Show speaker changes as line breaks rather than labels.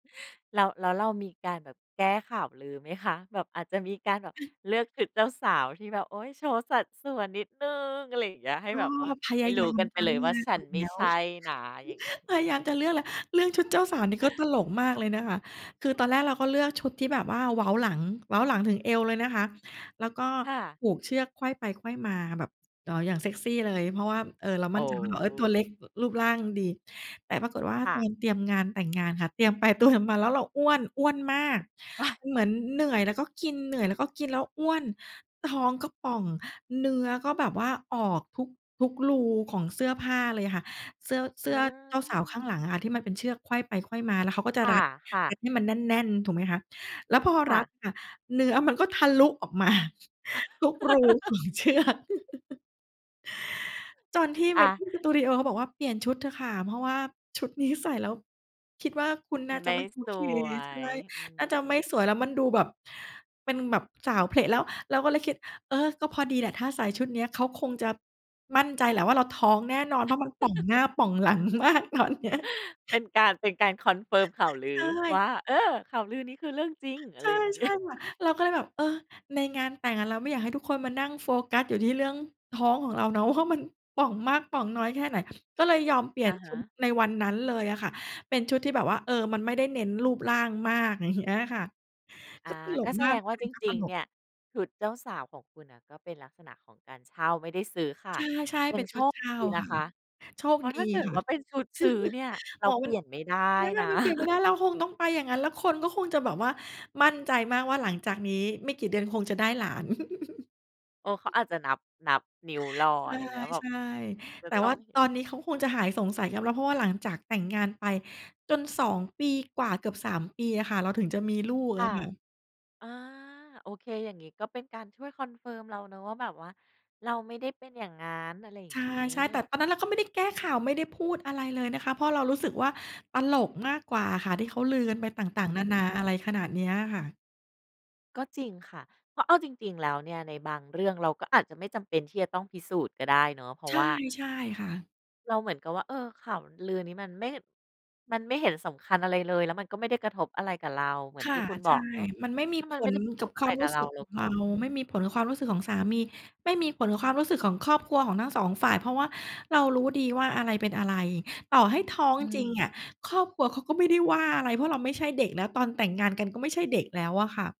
แล้ว แล้วเรามีการแบบแก้ข่าวลือไหมคะ? แบบอาจจะมีการแบบเลือกชุดเจ้าสาวที่แบบ โอ๊ย โชว์สัดส่วนนิดหนึ่ง อะไรอย่างเงี้ย ให้
ก็
แบบว่า
พ
ให
ย
้
า
ร
ย
ู้
าม
กันไป
จะ
เล
เ
ย
ลื
ว่า
อก
ฉันไม
แ
่
ล้ว
ใช่นะอย่างนี้
พยายามจะเลือกอะไร เรื่องชุดเจ้าสาวนี่ก็ตลกมากเลยนะคะ คือตอนแรกเราก็เลือกชุดที่แบบว่าเว้าหลัง เว้าหลังถึงเอวเลยนะคะ แล้วก็
ค่ะ
ผูกเชือกไขว้ไปไขว้มา แบบ อ๋อ อย่างเซกซีเลย เพราะว่า เอ่อ เรา
โ
ม
อ
ั่นใจว่า เราอะตัวเล็
้
กรูปร่างดี แต่ปรากฏว่า
ค่
ตอ
ะ
นเตรียมงานแต่งงานค่ะ เตรียมไปเตรียมมาแล้วเราอ้วน อ้วนมาก มันเหมือนเหนื่อยแล้วก็กิน เหนื่อยแล้วก็กิน แล้วอ้วน ท้องก็ป่อง เนื้อก็แบบว่าออกทุก ทุกรูของเสื้อผ้าเลยค่ะ เสื้อ เส
อ
ื
ื
้อเจ้าสาวข้
ม
างหลังอะค่ะ ที่มันเป็นเชือกไขว้ไปไขว้มา แล้วเขาก็จะ
ค
ร
่
ั
ะ
ด
ค่
ร
ะ
ัดให้มันแน่น ๆ ถูกไหมคะ แล้วพอ
ค่
รัด
ะ
ค่ะ เนื้อมันก็ทะลุออก มา ทุกรู ของ เชือก ตอนที่
อา
Wedding Studio เขาบอกว่าเปลี่ยนชุดเถอะค่ะ เพราะว่าชุดนี้ใส่แล้วคิดว่า คุณ
มั
น่
น
า
ไ
จ
ม
ะ
่
ไม่โอ
ส
เค
ว
ใช่
ย อื
น่าจะไม่
ม
สวย แล้วมันดูแบบ เป็นแบบสาวเผละแล้ว เราก็เลยคิด เออ ก็พอดีแหละ ถ้าใส่ชุดเนี้ย เขาคงจะมั่นใจแหละว่า เราท้องแน่นอน เพราะมันป่องหน้าป่องหลัง มากตอนเนี้ย
เป็นการ เป็นการ confirm ข่าวล
ใ
ื
ช
อ
่
ว่า เออ ข่าวลือนี้คือเรื่องจริง อะ
ใช
ไร
่
อย่าง น
ใ
ี
ช
้
่ค่ะ เราก็เลยแบบ เออ ในงานแต่งอะ เราไม่อยากให้ทุกคนมานั่งโฟกัสอยู่ที่เรื่องท้องของเราเนาะว่า มันป่องมากป่องน้อยแค่ไหน ก็เลยยอมเปลี่
อ
ยน
ะฮ
ชุด
ะ
ในวันนั้นเลยอะค่ะ เป็นชุดที่แบบว่า เออ มันไม่ได้เน้นรูปร่างมาก อย่าง เงี้ย ค่ะ
อ
ก
า
็ตล
ก็
ก
แส
มา
ด
ก
งว
เ
่
ด
า
ิ
จ
นก็ต
ริง
ล
ๆ เ
ก
นี่ย ชุดเจ้าสาวของคุณน่ะ ก็เป็นลักษณะของการเช่าไม่ได้ซื้อค่
ใ
ะ
ช่
ย
ๆ เป
ั
็
ง
นช
โช
ุด
ค
เช่า
ดีน
ค่
ะ
ะ
คะ
โชค
เพราะ
ดี
ถ้าเกิ
ค
ด
่ะ
ว่าเป็นชุดซื้อเนี่ยเ
อ
ร
๋
า
อ
เ
ม
ป
ั
ล
น
ี่ยนไม่ได้
ถ้
น
า
ะ
มันเปลี่ยนไม่ได้เราคงต้องไปอย่างงั้น แล้วคนก็คงจะแบบว่ามั่นใจมากว่าหลังจากนี้ไม่กี่เดือนคงจะได้หลาน
เออ เขาอาจจะนับ นับนิ้วรอ
ใ
อะไรเงี้ย แบบ
ช่
จ
ๆ
ะ
แต่
ต้
ว
อ
่
ง
า
เห็
ต
น
อนนี้เขาคงจะหายสงสัยกันแล้ว เพราะว่าหลังจากแต่งงานไปจน 2 ปีกว่าเกือบ 3 ปีอะค่ะ เราถึงจะมีลูก
ค
อ
่
ะ
ะ
ค่ะ
อา โอเค อย่างนี้ก็เป็นการช่วย confirm เราเนาะ ว่าแบบว่าเราไม่ได้เป็นอย่างงั้น อะไรอย่
ใ
างงี
ช่ ๆ แต่
้
ตอนนั้นเราก็ไม่ได้แก้ข่าว ไม่ได้พูดอะไรเลยนะคะ เพราะเรารู้สึกว่าตลกมากกว่าค่ะ ที่เขาลือกันไปต
อ
่
ื
าง
ม
ๆ นานา
อื
อ
ม
ะไรขนาดเนี้ยค่ะ
ก็จริงค่ะ เพราะเอาจริง ๆ แล้วเนี่ยในบางเรื่องเราก็อาจจะไม่จำเป็นที่จะต้องพิสูจน์ก็ได้เนาะ เพรา
ใ
ะ
ช
ว
่
่า
ใช่ค่ะ
เราเหมือนกับว่า เออ ข่าวลือนี้มันไม่ มันไม่เห็นสำคัญอะไรเลย แล้วมันก็ไม่ได้กระทบอะไรกับเรา เหมือน
ค
ท
่
ี่
ะ
คุณบ
ใช
อ
่
กเนาะ
มันไม่ม
ถ
ี
้ามั
ผ
นไม่
ล
ได้กระท
กับ
บอ
ค
ะ
ว
ไร
าม
ก
ร
ั
ู
บ
้
เร
ส
า
ึก
เร
ข
า
อง
ก็
เรา
อืม
ไม่มีผลกับความรู้สึกของสามี ไม่มีผลกับความรู้สึกของครอบครัวของทั้ง 2 ฝ่าย เพราะว่าเรารู้ดีว่าอะไรเป็นอะไร ต่อให้ท้อง
อื
จริง
ม
อะ ครอบครัวเขาก็ไม่ได้ว่าอะไร เพราะเราไม่ใช่เด็กแล้ว ตอนแต่งงานกันก็ไม่ใช่เด็กแล้วอะค่ะ